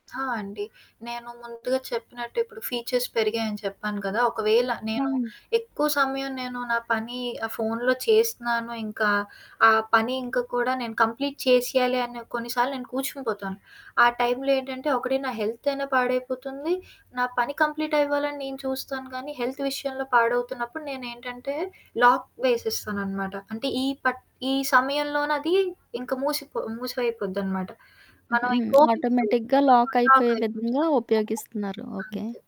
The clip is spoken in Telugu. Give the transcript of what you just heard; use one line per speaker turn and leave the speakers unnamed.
ఆ! అండి. నేను ముందుగా చెప్పినట్టు, ఇప్పుడు ఫీచర్స్ పెరిగాయని చెప్పాను కదా! ఒకవేళ నేను
హ్మ్.
ఎక్కువ సమయం నేను నా పనీ ఆహ్, ఫోనులో చేస్తున్నాను, ఇంకా ఆ పని ఇంక కూడా నేను కంప్లీట్ చేసెయ్యాలి అనే కొన్నిసార్లు నేను కూర్చునిపోతాను. ఆ టైంలో ఏంటంటే, ఒకటి నా హెల్తయినా పాడైపోతుంది. నా పని కంప్లీటవ్వాలని నేను చూస్తాను కానీ, హెల్త్ విషయంలో పాడవుతున్నప్పుడు నేనేంటంటే, లాక్ వేసేస్తాననమాట, అంటే, ఈ పట్ ఈ సమయంలోనదీ ఇంక మూసిపో మూసివయిపోద్దనమాట. మనవింక ఓపెన్ చెయ్యం.
ఆటోమేటిక్‌గా
ఆ!
లాకయిపోయే
లాకైపోతుంది.
విధంగా ఉపయోగిస్తున్నారు. ఓకే.
అంతే.